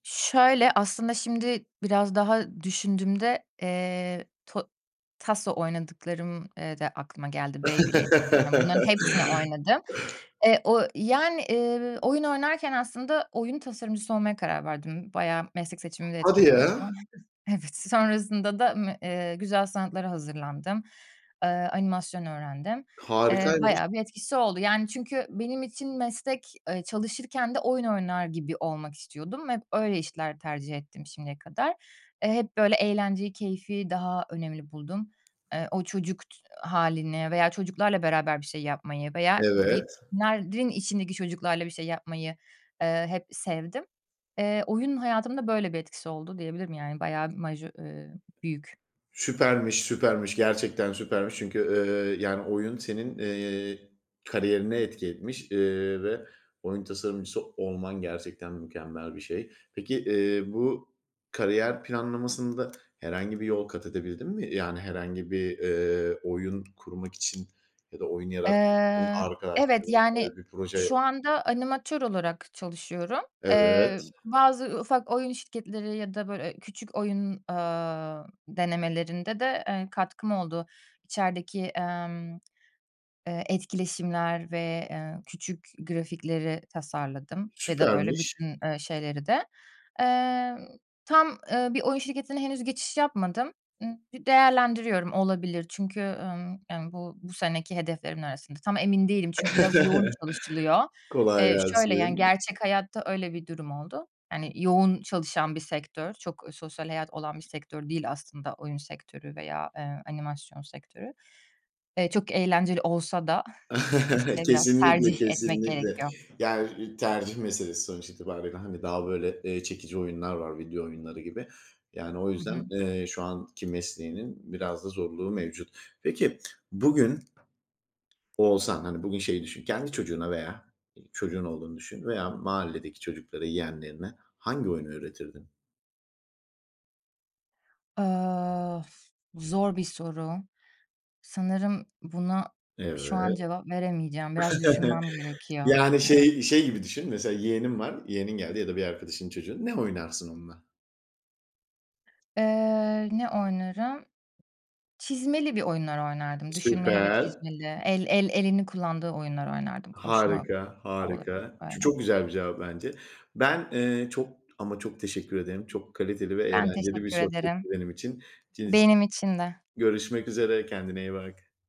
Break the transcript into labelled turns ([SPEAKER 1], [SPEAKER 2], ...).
[SPEAKER 1] Şöyle, aslında şimdi biraz daha düşündüğümde, eee, to taso oynadıklarım, eee, da aklıma geldi Beyblade, taso, yani, bunların hepsini oynadım. Eee, o yani, eee, oyun oynarken aslında, oyun tasarımcısı olmaya karar verdim. Bayağı meslek seçimimde
[SPEAKER 2] Hadi
[SPEAKER 1] etkili oldu.
[SPEAKER 2] ya!
[SPEAKER 1] Evet sonrasında da, ımm, eee, güzel sanatlara hazırlandım. Aaa, animasyon öğrendim. Eee,
[SPEAKER 2] Harikaymış.
[SPEAKER 1] bayağı bir etkisi oldu, yani, çünkü benim için meslek, eee, çalışırken de oyun oynar gibi olmak istiyordum. Hep öyle işler tercih ettim şimdiye kadar. Eee, hep, böyle, eğlenceyi, keyfi daha önemli buldum. Eee, o çocuk t hâlini veya çocuklarla beraber bir şey yapmayı veya
[SPEAKER 2] Evet.
[SPEAKER 1] yetişkinlerin içindeki çocuklarla bir şey yapmayı, eee, hep sevdim. Eee, oyun hayatımda böyle bir etkisi oldu diyebilirim, yani bayağı majö eee, büyük.
[SPEAKER 2] Süpermiş, süpermiş, gerçekten süpermiş çünkü, eee, yani, oyun senin, eee, kariyerine etki etmiş, eee, ve oyun tasarımcısı olman gerçekten mükemmel bir şey. Peki, eee, bu kariyer planlamasında herhangi bir yol kat edebildin mi? Yani, herhangi bir, eee, oyun kurmak için ya da oyun yaratmak için
[SPEAKER 1] Eee, evet, yani,
[SPEAKER 2] arkadaşlarınla bir proje...
[SPEAKER 1] şu anda animatör olarak çalışıyorum. Eee,
[SPEAKER 2] Evet.
[SPEAKER 1] bazı u ufak oyun şirketleri ya da, böyle, eee, küçük oyun, aaa, denemelerinde de, eee, katkım oldu. İçerideki, emm, eee, etkileşimler ve, eee, küçük grafikleri tasarladım ya da, böyle,
[SPEAKER 2] Süpermiş.
[SPEAKER 1] bütün, eee, şeyleri de. Eee, tam, eee, bir oyun şirketine henüz geçiş yapmadım. Imm, d değerlendiriyorum. Olabilir çünkü, ımm, ımm, bu bu seneki hedeflerimin arasında. Tam emin değilim çünkü biraz yoğun çalışılıyor.
[SPEAKER 2] Kolay
[SPEAKER 1] Eee, şöyle, yani,
[SPEAKER 2] gelsin.
[SPEAKER 1] gerçek hayatta öyle bir durum oldu. Hani, yoğun çalışan bir sektör, çok sosyal hayat olan bir sektör değil aslında oyun sektörü veya, eee, animasyon sektörü. Eee, çok eğlenceli olsa da, işte, biraz
[SPEAKER 2] Kesinlikle
[SPEAKER 1] tercih etmek
[SPEAKER 2] kesinlikle.
[SPEAKER 1] gerekiyor.
[SPEAKER 2] Ger eee, tercih meselesi sonuç itibarıyla, hani, daha böyle, eee, çekici oyunlar var, video oyunları gibi, yani, o
[SPEAKER 1] Hı hı.
[SPEAKER 2] yüzden, eee, şu anki mesleğinin biraz da zorluğu mevcut. Peki, bugün olsan, hani, bugün şey düşün, kendi çocuğuna veya çocuğun olduğunu düşün veya mahalledeki çocuklara, yeğenlerine hangi oyunu öğretirdin?
[SPEAKER 1] Aaa of, bu zor bir soru. Sanırım buna
[SPEAKER 2] Evet.
[SPEAKER 1] şu an cevap veremeyeceğim. Biraz düşünmem gerekiyor.
[SPEAKER 2] Yani,
[SPEAKER 1] Yani.
[SPEAKER 2] şey, şey gibi düşünün mesela yeğenin var, yeğenin geldi ya da bir arkadaşının çocuğu. Ne oynarsın onunla?
[SPEAKER 1] Eee, ne oynarım? Çizmeli bir oyunlar oynardım, düşünmeli ve
[SPEAKER 2] Süper.
[SPEAKER 1] çizmeli. El el elini kullandığı oyunları oynardım. Koşma
[SPEAKER 2] Harika,
[SPEAKER 1] da olabilir,
[SPEAKER 2] harika. Ç
[SPEAKER 1] öyle.
[SPEAKER 2] çok güzel bir cevap bence. Ben, eee, çok ama çok teşekkür ederim. Çok kaliteli ve
[SPEAKER 1] Ben
[SPEAKER 2] eğlenceli bir
[SPEAKER 1] teşekkür
[SPEAKER 2] sohbetti
[SPEAKER 1] ederim.
[SPEAKER 2] benim için [unintelligible]
[SPEAKER 1] Benim için de.
[SPEAKER 2] görüşmek üzere. Kendine iyi bak.